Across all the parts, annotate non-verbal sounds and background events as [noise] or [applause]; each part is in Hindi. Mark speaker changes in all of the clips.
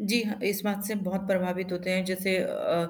Speaker 1: जी हाँ, इस बात से बहुत प्रभावित होते हैं, जैसे अ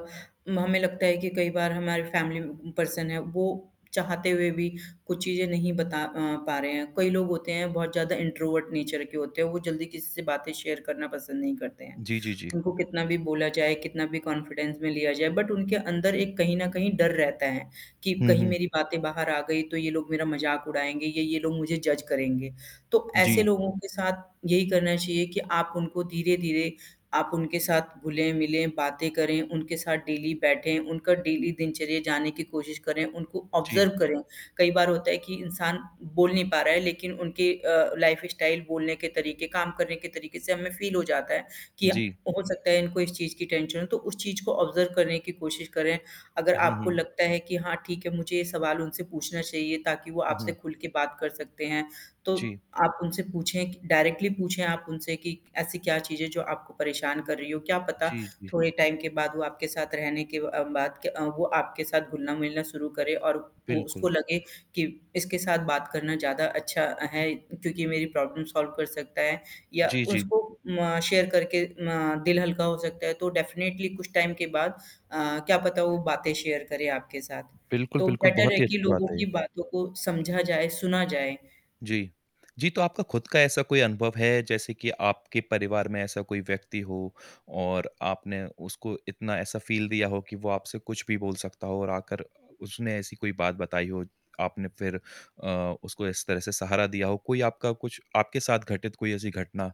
Speaker 1: उम, हमें लगता है कि कई बार हमारे फैमिली पर्सन है, वो चाहते हुए भी कुछ चीज़ें नहीं बता अ, पा रहे हैं, कई लोग होते हैं बहुत ज़्यादा इंट्रोवर्ट नेचर के होते हैं, वो जल्दी किसी से बातें शेयर करना पसंद नहीं करते हैं।
Speaker 2: जी, जी, जी।
Speaker 1: उनको कितना भी
Speaker 2: [smacks lips]
Speaker 1: बोला जाए, कितना भी कॉन्फिडेंस में लिया जाए बट उनके अंदर एक कहीं न कहीं डर रहता है, कि
Speaker 2: हुँ,
Speaker 1: कहीं
Speaker 2: हुँ।
Speaker 1: मेरी बातें बाहर आ गई तो ये लोग मेरा मज़ाक उड़ाएँगे, ये ये लोग मुझे जज करेंगे। तो ऐसे
Speaker 2: जी।
Speaker 1: लोगों के साथ यही करना चाहिए कि आप उनको धीरे-धीरे आप उनके साथ घुले-मिले, बातें करें, उनके साथ डेली बैठे, उनका डेली दिनचर्या जाने की कोशिश करें, उनको ऑब्ज़र्व
Speaker 2: जी।
Speaker 1: करें। कई बार होता है कि इंसान बोल नहीं पा रहा है, लेकिन उनके अ, लाइफ स्टाइल, बोलने के तरीके काम करने के तरीके से हमें फील हो जाता है, कि अ,
Speaker 2: जी।
Speaker 1: हो सकता है इनको इस चीज़ की टेंशन हो, तो उस चीज़ को ऑब्ज़र्व करने की कोशिश करें। अगर
Speaker 2: हुँ,
Speaker 1: आपको
Speaker 2: हुँ।
Speaker 1: लगता है कि हाँ, ठीक है, मुझे ये सवाल उनसे पूछना चाहिए ताकि वो
Speaker 2: हुँ,
Speaker 1: आपसे
Speaker 2: हुँ।
Speaker 1: खुल के बात कर सकते हैं, तो
Speaker 2: जी।
Speaker 1: आप उनसे पूछें कि डायरेक्टली पूछें आप उनसे कि ऐसी क्या चीज़ है जो आपको परेशान कर रही हो, क्या पता
Speaker 2: जी, जी।
Speaker 1: थोड़े टाइम के बाद वो आपके साथ रहने के व अ, बात के अ, वो आपके साथ घुलना-मिलना शुरू करे और उ उसको
Speaker 2: बिल्कुल।
Speaker 1: लगे कि इसके साथ बात करना ज़्यादा अच्छा है, क्योंकि मेरी प्रॉब्लम सॉल्व कर सकता है, या
Speaker 2: जी, जी।
Speaker 1: उसको अम, शेयर करके ना दिल हल्का हो सकता है तो डेफ़िनेटली कुछ टाइम के बाद अ, क्या पता वो बातें शेयर करें आपके साथ।
Speaker 2: बिल्कुल,
Speaker 1: तो
Speaker 2: बिल्कुल,
Speaker 1: बेटर
Speaker 2: बहुत
Speaker 1: है
Speaker 2: ही
Speaker 1: कि
Speaker 2: अच्छी बात
Speaker 1: लोगों
Speaker 2: है ये।
Speaker 1: की बातों को समझा जाए, सुना जाए।
Speaker 2: जी। जी, तो आपका खुद का ऐसा कोई अनुभव है, जैसे कि आपके परिवार में ऐसा कोई व्यक्ति हो, और आपने उसको इतना ऐसा फील दिया हो कि वो आपसे कुछ भी बोल सकता हो और आकर उसने ऐसी कोई बात बताई हो, आपने फिर अ, उसको इस तरह से सहारा दिया हो? कोई आपका कुछ आपके साथ घटित कोई ऐसी घटना?